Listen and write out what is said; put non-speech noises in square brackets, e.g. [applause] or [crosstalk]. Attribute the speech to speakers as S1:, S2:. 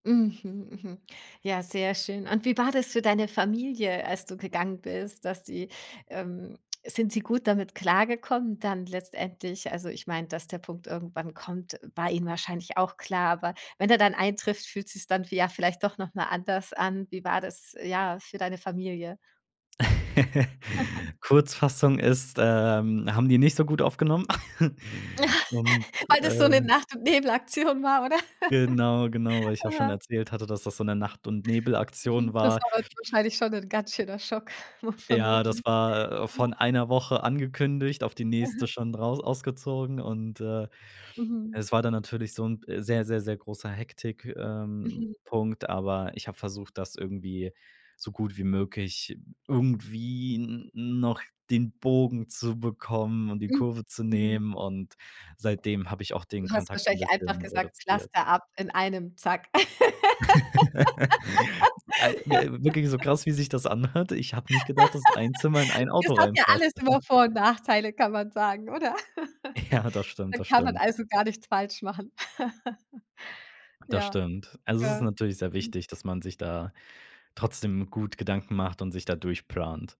S1: Mhm. Mhm. Ja, sehr schön. Und wie war das für deine Familie, als du gegangen bist, dass sie, ähm sind sie gut damit klargekommen dann letztendlich? Also, ich mein, dass der Punkt irgendwann kommt, war ihnen wahrscheinlich auch klar. Aber wenn er dann eintrifft, fühlt sich's dann vie ja, vielleicht doch noch mal anders an. Wie war das, ja, für deine Familie? [giggles]
S2: [laughs] Kurzfassung ist, ähm, haben die nicht so gut aufgenommen. [giggles] Und,
S1: [laughs] Weil das so 'ne
S2: äh
S1: Nacht und Nebelaktion war, oder?
S2: Genau, genau, weil
S1: [laughs]
S2: ich ja auch schon
S1: Aha.
S2: erzählt hatte, dass das so 'ne Nacht und Nebel Aktion
S1: Mhm. Das
S2: war.
S1: war dann wahrscheinlich schon 'n ganz schöner Schock [chuckles] mu
S2: Ja,
S1: vermutlich.
S2: das war, äh, von
S1: Aha.
S2: 1 Woche angekündigt, auf die nächste
S1: Mhm.
S2: schon raus ausgezogen und, äh, es
S1: Mhm.
S2: war dann natürlich so 'n p sehr, sehr, sehr großer, Hektik ähm,
S1: Mhm.
S2: Punkt, aber ich hab versucht, das irgendwie so gut wie möglich irgendwie n noch den Bogen zu bekommen und die
S1: Mhm.
S2: Kurve zu
S1: Mhm.
S2: nehmen und seitdem habe ich auch den
S1: Du hast
S2: Kontakt 'n
S1: wahrscheinlich einfach
S2: bisschen
S1: gesagt:
S2: reduziert.
S1: „Pflaster ab in einem, zack."
S2: [laughs] Al wi wirklich so
S1: [laughs]
S2: krass, wie sich das anhört. Ich habe nicht gedacht, dass ein Zimmer in ein
S1: [laughs] Es
S2: Auto
S1: hat ja
S2: reinpasst.
S1: alles immer
S2: [chuckles]
S1: Vor und Nachteile, kann man sagen, oder? [laughs]
S2: Ja, das stimmt,
S1: Dann
S2: das
S1: kann man
S2: stimmt.
S1: also gar nichts falsch machen. [laughs]
S2: Das
S1: Ja.
S2: stimmt. Also es ist
S1: Ja.
S2: natürlich sehr
S1: Mhm.
S2: wichtig, dass man sich da trotzdem gut Gedanken macht und sich da durchplant.